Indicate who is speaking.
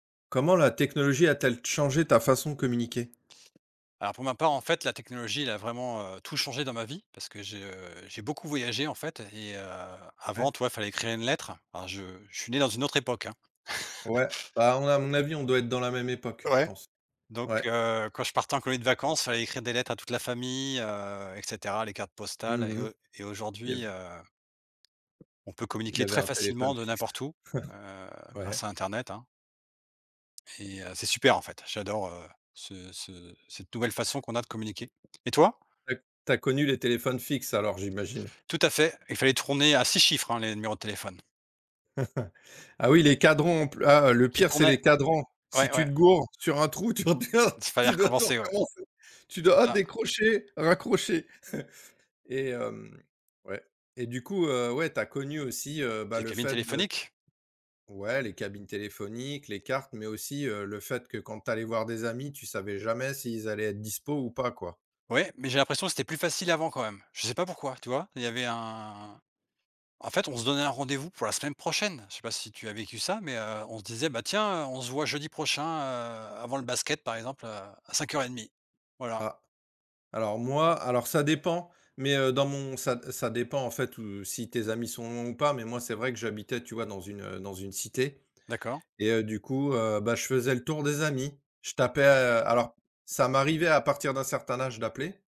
Speaker 1: Comment la technologie a-t-elle changé ta façon de communiquer?
Speaker 2: Alors pour ma part, en fait, la technologie, elle a vraiment, heu, tout changé dans ma vie parce que je j'ai beaucoup voyagé, en fait et heu, avant,
Speaker 1: Ouais.
Speaker 2: tu vois, il fallait écrire une lettre alors je je suis né dans une autre époque, hein.
Speaker 1: Ouais, bah, à mon à mon avis, on doit être dans la même époque, je
Speaker 2: Ouais,
Speaker 1: pense.
Speaker 2: donc,
Speaker 1: Ouais.
Speaker 2: heu, quand je partais en colonie de vacances, fallait écrire des lettres à toute la famille, heu et cetera, les cartes postales
Speaker 1: Mmh
Speaker 2: et
Speaker 1: mh.
Speaker 2: au et
Speaker 1: Il y
Speaker 2: aujourd'hui,
Speaker 1: avait
Speaker 2: heu, on peut
Speaker 1: il y
Speaker 2: communiquer
Speaker 1: avait
Speaker 2: très
Speaker 1: un
Speaker 2: facilement
Speaker 1: téléphone
Speaker 2: de
Speaker 1: fixe.
Speaker 2: n'importe où, heu,
Speaker 1: Ouais.
Speaker 2: grâce à internet, hein et heu c'est super, en fait, j'adore, heu, ce ce cette nouvelle façon qu'on a de communiquer et toi?
Speaker 1: Tu as c tu as connu les téléphones fixes alors j'imagine?
Speaker 2: Tout à fait. Il fallait tourner à 6 chiffres, hein, les numéros de téléphone.
Speaker 1: Ah oui, les cadrans pl ah, le
Speaker 2: Qui
Speaker 1: pire, c'est
Speaker 2: tournaient.
Speaker 1: les cadrans, si
Speaker 2: Ouais
Speaker 1: tu
Speaker 2: ouais.
Speaker 1: te goures sur un trou, tu redéma
Speaker 2: Fallait
Speaker 1: tu dois tout
Speaker 2: recommencer, ouais.
Speaker 1: recommencer, tu
Speaker 2: C'est
Speaker 1: dois
Speaker 2: ça.
Speaker 1: décrocher, raccrocher et hem, ouais et du coup, heu, ouais, tu as connu aussi, heu, bah,
Speaker 2: Les
Speaker 1: le
Speaker 2: cabines
Speaker 1: fait de
Speaker 2: téléphoniques?
Speaker 1: Ouais, les cabines téléphoniques, les cartes mais aussi, heu, le fait que quand tu allais voir des amis, tu savais jamais s'ils allaient être dispo ou pas, quoi.
Speaker 2: Ouais mais j'ai l'impression que c'était plus facile avant quand même. Je sais pas pourquoi, tu vois, il y avait un en fait, on se donnait un rendez-vous pour la semaine prochaine. Je sais pas si tu as vécu ça, mais heu, on se disait, ben, tiens, heu, on se voit jeudi prochain, heu, avant le basket, par exemple, à à 05:30, voilà.
Speaker 1: Ah. Alors moi alors ça dépend, mais heu, dans mon ça ça dépend, en fait, heu, si tes amis sont loin ou pas mais moi, c'est vrai que j'habitais, tu vois, dans une, heu, dans une cité
Speaker 2: D'accord.
Speaker 1: et heu, du coup, heu, bah, je faisais le tour des amis. Je tapais heu, alors ça m'arrivait à partir d'un certain âge d'appeler